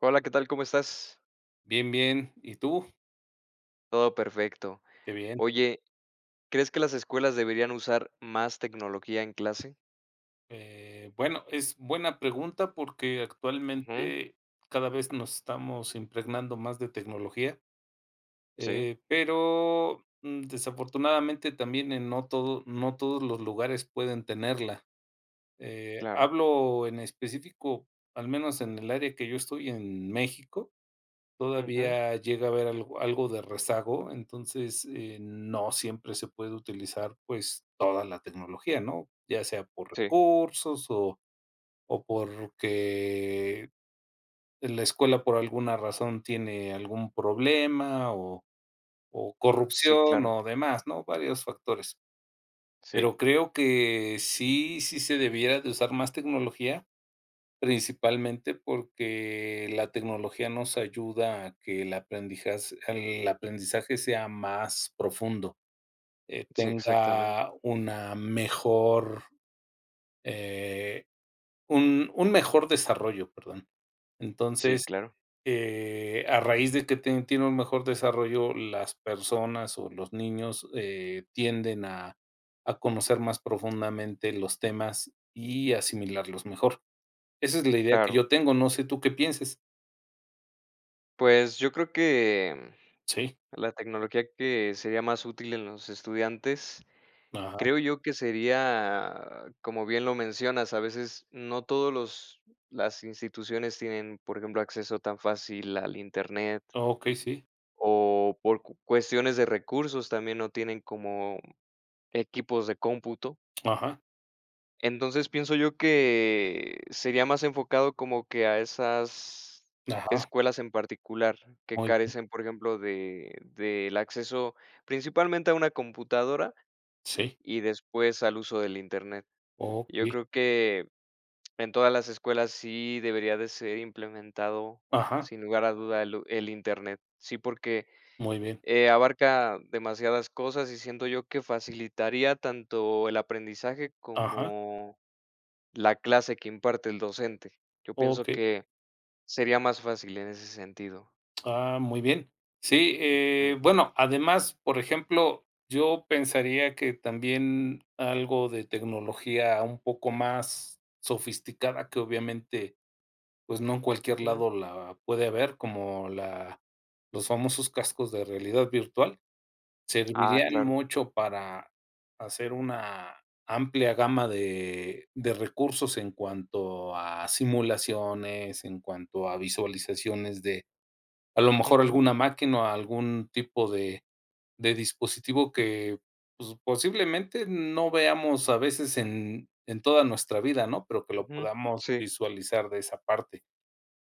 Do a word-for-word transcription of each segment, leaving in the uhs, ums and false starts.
Hola, ¿qué tal?, ¿cómo estás? Bien, bien, ¿y tú? Todo perfecto. Qué bien. Oye, ¿crees que las escuelas deberían usar más tecnología en clase? Eh, bueno, es buena pregunta porque Ujú. actualmente cada vez nos estamos impregnando más de tecnología, Sí. eh, pero, desafortunadamente también en no todo no todos los lugares pueden tenerla, eh, Claro. hablo en específico, al menos en el área que yo estoy en México, Ujú. todavía llega a haber algo algo de rezago. Entonces, eh, no siempre se puede utilizar, pues toda la tecnología, ¿no?, ya sea por Sí. recursos o o porque en la escuela por alguna razón tiene algún problema o o Sí, corrupción claro. o demás, ¿no?, varios factores. Sí. Pero creo que sí, sí se debiera de usar más tecnología. Principalmente porque la tecnología nos ayuda a que el aprendija, el aprendizaje sea más profundo, eh, Sí, exactamente. tenga una mejor, eh, un un mejor desarrollo, perdón. Sí, Entonces, claro. eh, a raíz de que te tiene un mejor desarrollo, las personas o los niños, eh, tienden a a conocer más profundamente los temas y asimilarlos mejor. Esa es la idea que Claro. yo tengo. No sé tú qué pienses. Pues, yo creo que Sí. la tecnología que sería más útil en los estudiantes, Ajá. creo yo que sería, como bien lo mencionas, a veces no todos los las instituciones tienen, por ejemplo, acceso tan fácil al internet. Okey, sí. O por cu cuestiones de recursos también no tienen como equipos de cómputo. Ajá. Entonces, pienso yo que sería más enfocado como que a esas Ajá. escuelas en particular que Muy bien. carecen, por ejemplo, de del acceso, principalmente a una computadora Sí. y después al uso del Internet. Yo Okey. creo que, en todas las escuelas sí debería de ser implementado, Ajá. sin lugar a duda el u el Internet. Sí, porque, Muy bien. eh, abarca demasiadas cosas y siento yo que facilitaría tanto el aprendizaje Ajá. como la clase que imparte el docente. Yo pienso Okey. que sería más fácil en ese sentido. Ah, muy bien. Sí, Ujú. eh, bueno, además, por ejemplo, yo pensaría que también algo de tecnología un poco más sofisticada que obviamente, pues, no en cualquier Ujú. lado la puede haber como la los famosos cascos de realidad virtual Ah, servirían claro. mucho para hacer una amplia gama de de recursos en cuanto a simulaciones en cuanto a visualizaciones de a lo mejor Ujú. alguna máquina o algún tipo de de dispositivo que posiblemente no veamos a veces en en toda nuestra vida, ¿no? Pero que lo Ujú, podamos sí. visualizar de esa parte.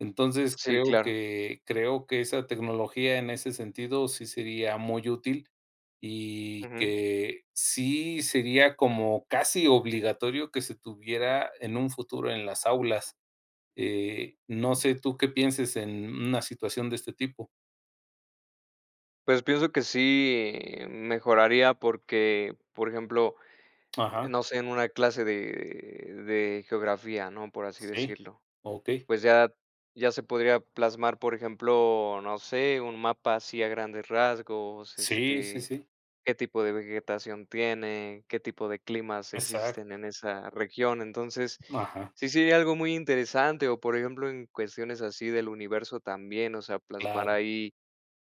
Entonces Sí, creo claro. que creo que esa tecnología en ese sentido sí sería muy útil y Ujú. que sí sería como casi obligatorio que se tuviera en un futuro en las aulas, eh, no sé tú qué pienses en una situación de este tipo. Pues, pienso que sí mejoraría porque, por ejemplo, Ajá. no sé, en una clase de de geografía, ¿no? Por así Sí. decirlo, Okey. pues, ya ya se podría plasmar, por ejemplo, no sé, un mapa así, a grandes rasgos, Sí, sí, este, sí. ¿qué tipo de vegetación tiene, qué tipo de climas existen Exacto. en esa región? Entonces, Ajá. sí sería algo muy interesante o, por ejemplo, en cuestiones así del universo también, o sea, plasmar Claro. ahí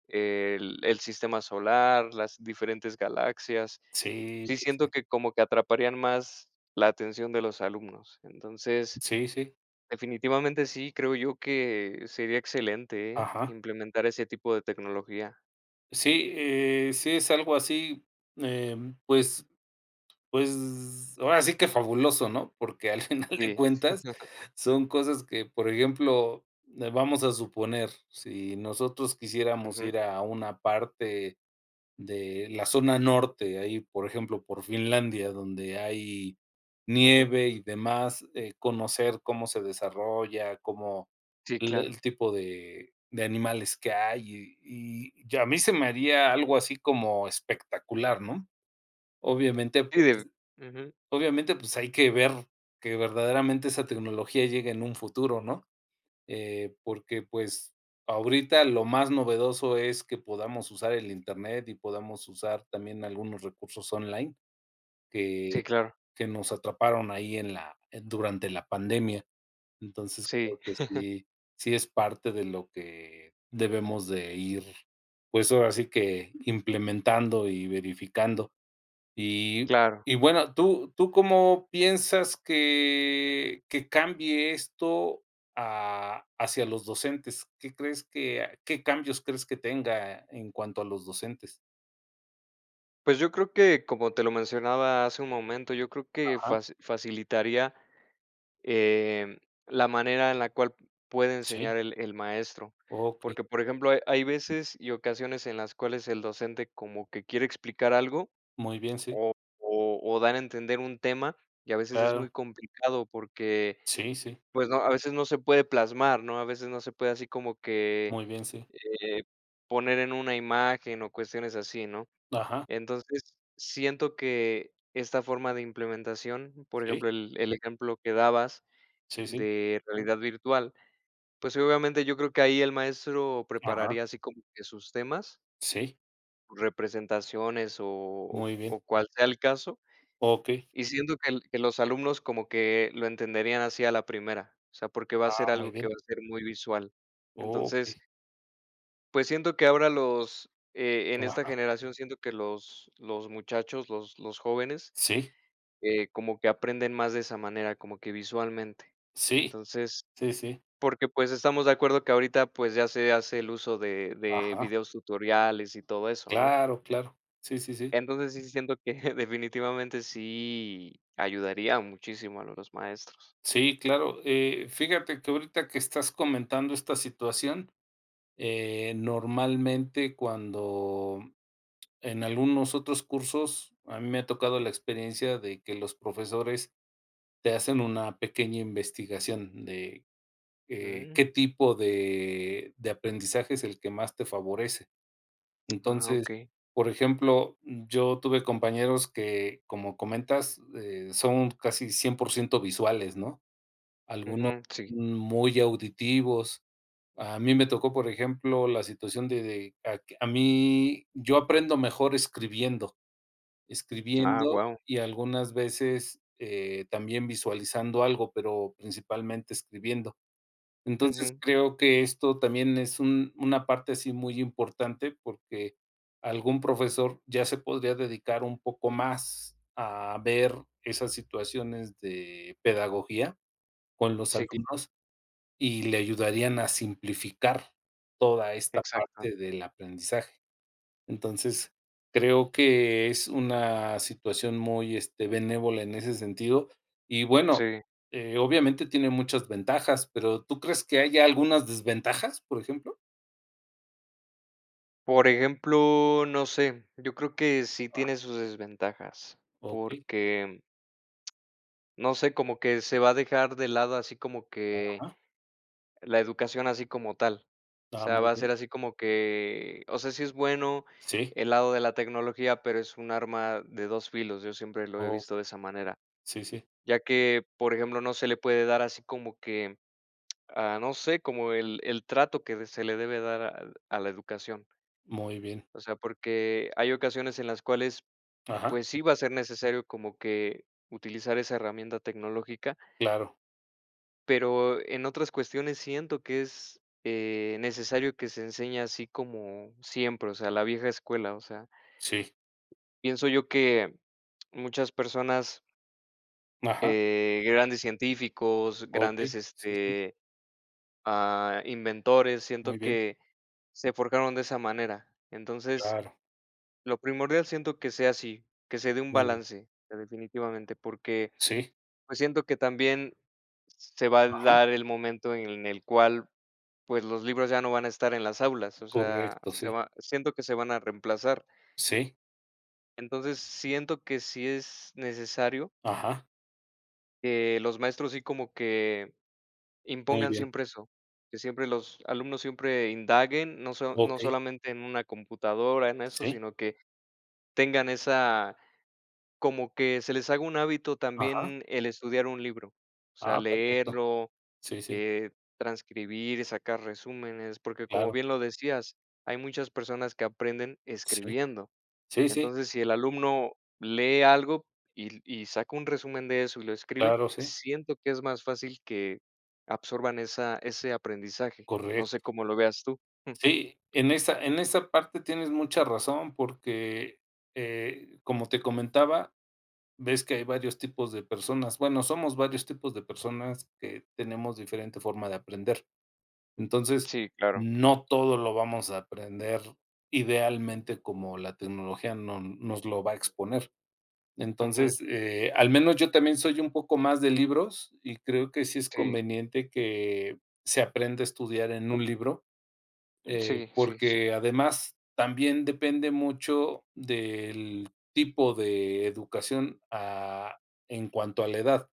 el el sistema solar, las diferentes galaxias. Sí, Sí, sí, sí. siento que como que atraparían más la atención de los alumnos, entonces, Sí, sí. definitivamente sí, creo yo que sería excelente, eh, Ajá. implementar ese tipo de tecnología. Sí, eh, sí, es algo así, em, pues, pues, ahora sí que fabuloso, ¿no? Porque al final de Sí. cuentas son cosas que, por ejemplo, eh, vamos a suponer, si nosotros quisiéramos Ujú. ir a una parte de la zona norte, ahí, por ejemplo, por Finlandia, donde hay Ujú. nieve y demás, eh, conocer cómo se desarrolla, como Sí, l claro. el tipo de de animales que hay y y y a mí se me haría algo así como espectacular, ¿no? Obviamente, pues [unintelligible] Ujú. obviamente, pues, hay que ver que verdaderamente esa tecnología llegue, en un futuro, ¿no?, eh, porque, pues, ahorita lo más novedoso es que podamos usar el internet y podamos usar también algunos recursos online que Sí, claro. que nos atraparon ahí en la en durante la pandemia. Entonces, Sí. creo que sí, sí es parte de lo que debemos de ir, pues, ahora sí que, implementando y verificando, y Claro. y bueno, ¿tú tú cómo piensas que que cambie esto, ah, hacia los docentes? ¿Qué crees qué a qué cambios crees que tenga en cuanto a los docentes? Pues yo creo que como te lo mencionaba hace un momento, yo creo que Ajá. faci facilitaría, eh, la manera en la cual puede Sí. enseñar el el maestro, Okey. porque, por ejemplo, hay veces y ocasiones en las cuales el docente como que quiere explicar algo Muy bien, sí. o o o dar a entender un tema y a veces es Claro. muy complicado porque, Sí, sí. pues, no, a veces no se puede plasmar, ¿no? A veces no se puede así como que, Muy bien, sí. eh, poner en una imagen o cuestiones así, ¿no? Ajá. Entonces siento que esta forma de implementación, por Sí. ejemplo, el el ejemplo que dabas Sí, sí. de realidad virtual, pues, obviamente, yo creo que ahí el maestro Ajá. prepararía así como que sus temas. Sí. Representaciones o o Muy bien. o cual sea el caso Okey. y siento que que los alumnos como que lo entenderían así a la primera. O sea, porque va a Ah, ser muy algo que bien. va a ser muy visual. Entonces Okey. pues siento que ahora los, eh, en esta Ajá. generación siento que los los muchachos, los los jóvenes, Sí. eh, como que aprenden más de esa manera, como que visualmente. Sí, Entonces sí, sí. porque, pues, estamos de acuerdo que ahorita pues ya se hace el uso de de Ajá. videos tutoriales y todo eso, ¿no? Claro, claro. Sí, sí, sí. Entonces sí, siento que definitivamente sí ayudaría muchísimo a los maestros. Sí, claro. Eh, fíjate que ahorita que estás comentando esta situación, eh, normalmente cuando en algunos otros cursos a mí me ha tocado la experiencia de que los profesores te hacen una pequeña investigación de, eh, qué Mm. tipo de de aprendizaje es el que más te favorece. Ah, Entonces, okey. por ejemplo, yo tuve compañeros que como comentas, eh, son casi cien por ciento visuales, no, algunos Ujú, sí. muy auditivos. A mí me tocó, por ejemplo, la situación de de a mí. Yo aprendo mejor escribiendo, Ah, escribiendo guau. y algunas veces, eh, también visualizando algo, pero principalmente escribiendo. Entonces Ujú. creo que esto también es un una parte así muy importante, porque algún profesor ya se podría dedicar un poco más a ver esas situaciones de pedagogía con los [unintelligible] alumnos y le ayudarían a simplificar toda esta Exacto. parte del aprendizaje. Entonces, creo que es una situación muy, este, benévola en ese sentido y bueno, Sí. eh, obviamente tiene muchas ventajas, pero, ¿tú crees que haya algunas desventajas, por ejemplo? Por ejemplo, no sé, yo creo que sí Wao. tiene sus desventajas Okey. porque ...no sé, como que se va a dejar de lado así como que, Ajá. la educación así como tal. O Ah, sea, muy va a bien. ser así como que, o sea, si es bueno Sí. el lado de la tecnología, pero es un arma de dos filos. Yo siempre lo he Okey. visto de esa manera. Sí, sí. Ya que, por ejemplo, no se le puede dar así como que, ah, no sé como el el trato que se le debe dar al a la educación. Muy bien. O sea, porque hay ocasiones en las cuales Ajá. pues sí va a ser necesario como que, utilizar esa herramienta tecnológica. Claro. Pero en otras cuestiones siento que es, eh, necesario que se enseñe así como siempre. O sea, la vieja escuela, o sea Sí. pienso yo que muchas personas Ajá. eh grandes científicos grandes Okey, sí, sí. este, ah, inventores. Muy Siento bien. que, se forjaron de esa manera, entonces, Claro. lo primordial siento que sea así, que se dé un Muy bien. balance, eh, definitivamente, porque Sí. pues siento que también se va a Ajá. dar el momento en el cual, pues los libros ya no van a estar en las aulas, o sea, Correcto, se sí. va siento que se van a reemplazar. Sí. Entonces siento que si es necesario. Ajá. Que los maestros, así como que Muy impongan bien. siempre eso que siempre los alumnos siempre indaguen no so no Okey. solamente en una computadora en eso, Sí. sino que tengan esa como que se les haga un hábito Ajá. también el estudiar un libro, o sea, Ah, perfecto. leerlo, Sí, sí. eh, transcribir, sacar resúmenes porque como Claro. bien lo decías, hay muchas personas que aprenden Sí, escribiendo. sí, sí. Entonces si el alumno lee algo y y saca un resumen de eso y lo escribe, Claro, sí. siento que es más fácil que absorban esa ese aprendizaje. No Correcto. sé ¿cómo lo veas tú?, mm. Sí, en esa en esa parte tienes mucha razón porque, eh, como te comentaba, ves que hay varios tipos de personas. Bueno, somos varios tipos de personas que tenemos diferente forma de aprender. Entonces Sí, claro. no todo lo vamos a aprender idealmente como la tecnología no nos lo va a exponer. Entonces, Ujú. eh, al menos yo también soy un poco más de libros y creo que sí es Sí. conveniente que se aprenda a estudiar en un libro. Eh, Sí, sí, sí. porque además también depende mucho del tipo de educación, ah, en cuanto a la edad.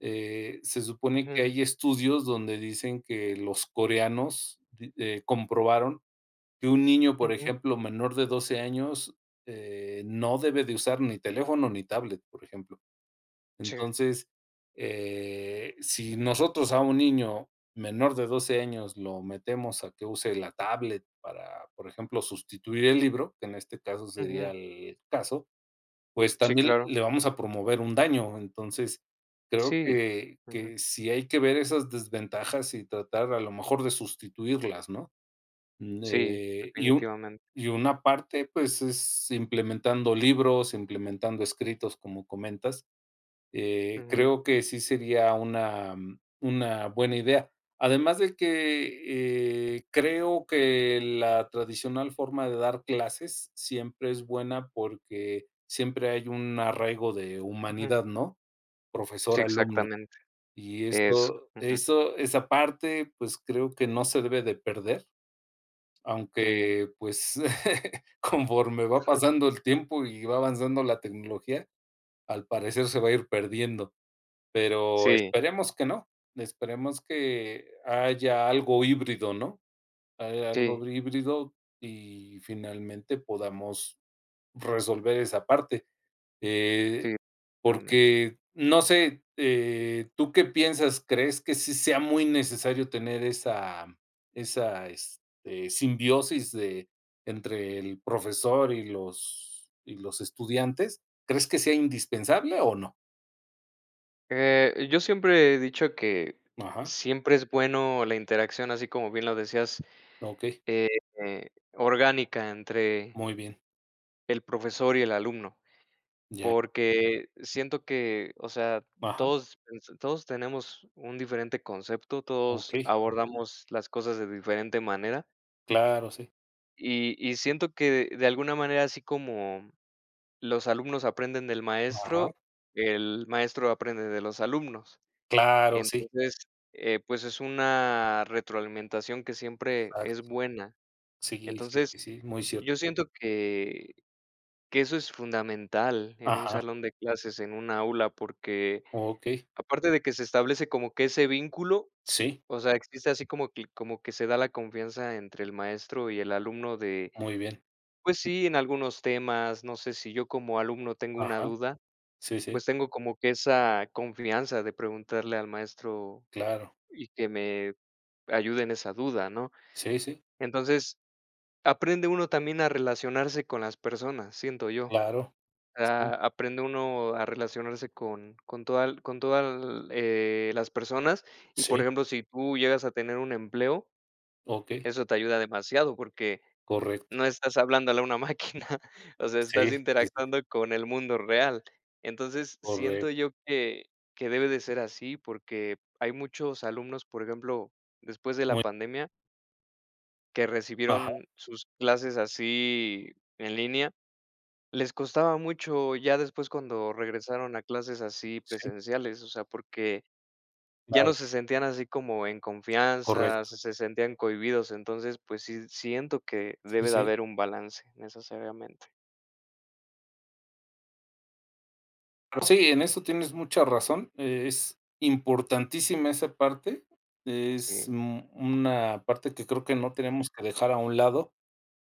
Eh, se supone que Ujú. hay estudios donde dicen que los coreanos, de eh, comprobaron que un niño, por Ujú. ejemplo, menor de doce años, eh, no debe de usar ni teléfono ni tablet, por ejemplo. Sí. Entonces, eh, si nosotros a un niño menor de doce años lo metemos a que use la tablet para, por ejemplo, sustituir el libro que en este caso sería Ujú. el caso, pues Sí, también claro. le vamos a promover un daño. Entonces, creo Sí, que ujú. que si hay que ver esas desventajas y tratar a lo mejor de sustituirlas, ¿no? Sí, Eh y un definitivamente. y una parte, pues es implementando libros, implementando escritos como comentas. Eh, Ujú. creo que sí sería una una buena idea, además de que, eh, creo que la tradicional forma de dar clases siempre es buena porque siempre hay un arraigo de Ujú. humanidad, ¿no? Sí, Profesor-alumno exactamente. y Eso, eso ujú. eso esa parte, pues, creo que no se debe de perder. Sí. Aunque, pues, conforme va Ujú. pasando el tiempo y va avanzando la tecnología, al parecer se va a ir perdiendo, pero Sí. esperemos que no, esperemos que haya algo híbrido, ¿no?, haya Sí. algo híbrido y finalmente podamos resolver esa parte, eh, Sí. Claramente. porque no sé, eh, ¿tú qué piensas? ¿Crees que sí sea muy necesario tener esa esa, este, simbiosis entre el profesor y los y los estudiantes? ¿Crees que sea indispensable, o no? Eh, yo siempre he dicho que Ajá. siempre es bueno la interacción, así como bien lo decías, Okey. eh, orgánica entre Muy bien. el profesor y el alumno Ya. porque siento que, o sea, Ajá. todos, pues, todos tenemos un diferente concepto, todos Okey. abordamos las cosas de diferente manera. Claro, sí. Y y siento que de alguna manera, así como los alumnos aprenden del Ajá. maestro, el maestro aprende de los alumnos. Claro, sí. Entonces, eh, pues, es una retroalimentación que siempre Exacto. es buena. Sí, sí, Entonces, sí, sí, muy cierto. yo siento que que eso es fundamental en un Ajá. salón de clases en una aula, porque Okey. aparte de que se establece como que ese vínculo, Sí. o sea, existe así como que como que se da la confianza entre el maestro y el alumno de, Muy bien. pues, sí, en algunos temas. No sé, si yo como alumno tengo una Ajá. duda, Sí, sí. pues, tengo como que esa confianza de preguntarle al maestro Claro. y que me ayude en esa duda, ¿no? Sí, sí. Entonces, aprende uno también a relacionarse con las personas, siento yo. Claro, sí. Ah, aprende uno a relacionarse con con toda con toda, eh, las personas y, por Sí. ejemplo, si tú llegas a tener un empleo Okey. eso te ayuda demasiado porque Correcto. no estás hablándole a una máquina. O sea, estás Sí, sí, sí. interactuando con el mundo real. Entonces, siento Correcto. yo que que debe de ser así porque hay muchos alumnos, por ejemplo, después de la Muy. pandemia que Ajá. recibieron sus clases así en línea, les costaba mucho ya después, cuando regresaron a clases así Sí. presenciales, o sea, porque ya no Claro. se sentían así como en confianza, Correcto. se sentían cohibidos. Entonces, pues, sí, siento que Sí, debe de sí. haber un balance necesariamente. Sí, en eso tienes mucha razón, es importantísima, esa parte, es Sí. un una parte que creo que no tenemos que dejar a un lado,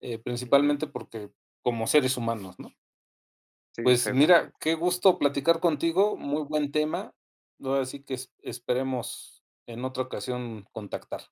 eh, Ujú. principalmente porque como seres humanos, ¿no? Sí, Pues, exactamente. mira, qué gusto platicar contigo. Muy buen tema. Ahora si que es esperemos en otra ocasión contactar.